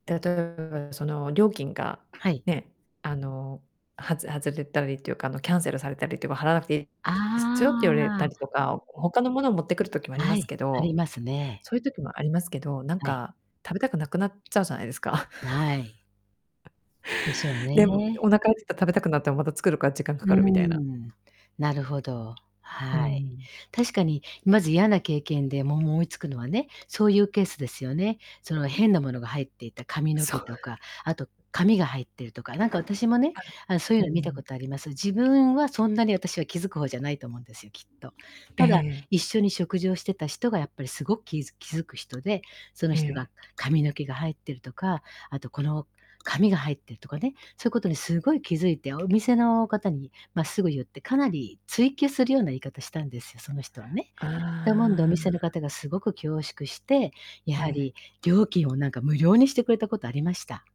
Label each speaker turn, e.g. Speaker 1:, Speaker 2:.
Speaker 1: 例えばその料金が、
Speaker 2: はい。
Speaker 1: ね、あの、はず外れたりっていうか、あのキャンセルされたりっていうか払わなくていいで
Speaker 2: あ
Speaker 1: すよって言われた
Speaker 2: あ。
Speaker 1: りとか、他の物を持ってくる時もあり
Speaker 2: は
Speaker 1: ます
Speaker 2: い、
Speaker 1: け
Speaker 2: あり
Speaker 1: ど、
Speaker 2: ますね。
Speaker 1: そういう時もありますけど、なん
Speaker 2: はい。
Speaker 1: か、食べたくなくなっちゃうじゃないですか？
Speaker 2: は い。でしょう
Speaker 1: で、
Speaker 2: ね。
Speaker 1: お腹空いたら食べたくなってもまた作るから時間
Speaker 2: う
Speaker 1: かかるみたいな。
Speaker 2: ーん、なるほど。
Speaker 1: う
Speaker 2: はい。
Speaker 1: ん。
Speaker 2: 確かにまず嫌な経験でもう思いつくのはね、そういうケースですよね。その変なものが入っていた髪の
Speaker 1: そう。
Speaker 2: 毛とか、あと紙が入っているとか、なんか
Speaker 1: あ、
Speaker 2: 私もね、あのそういう
Speaker 1: う
Speaker 2: の見た
Speaker 1: ん。
Speaker 2: ことあります。自分はそんなに私は気づく方じゃないと思うんですよ、きっと。
Speaker 1: え
Speaker 2: ただ
Speaker 1: え。
Speaker 2: 一緒に食事をしてた人がやっぱり凄くきづ気付く人で、その
Speaker 1: え
Speaker 2: 人が
Speaker 1: え。
Speaker 2: 髪の毛が入ってるとか、あとこの紙が入ってるとかね、そういうことに凄い気付いて、お店の方にま、すぐ言って、かなり追及するような言い方したんですよ、その人はね。だもんで、お
Speaker 1: あ
Speaker 2: 店の
Speaker 1: あ。
Speaker 2: 方が凄く恐縮して、や
Speaker 1: え
Speaker 2: は
Speaker 1: え。
Speaker 2: り料金をなんか無料にしてくれたことありました。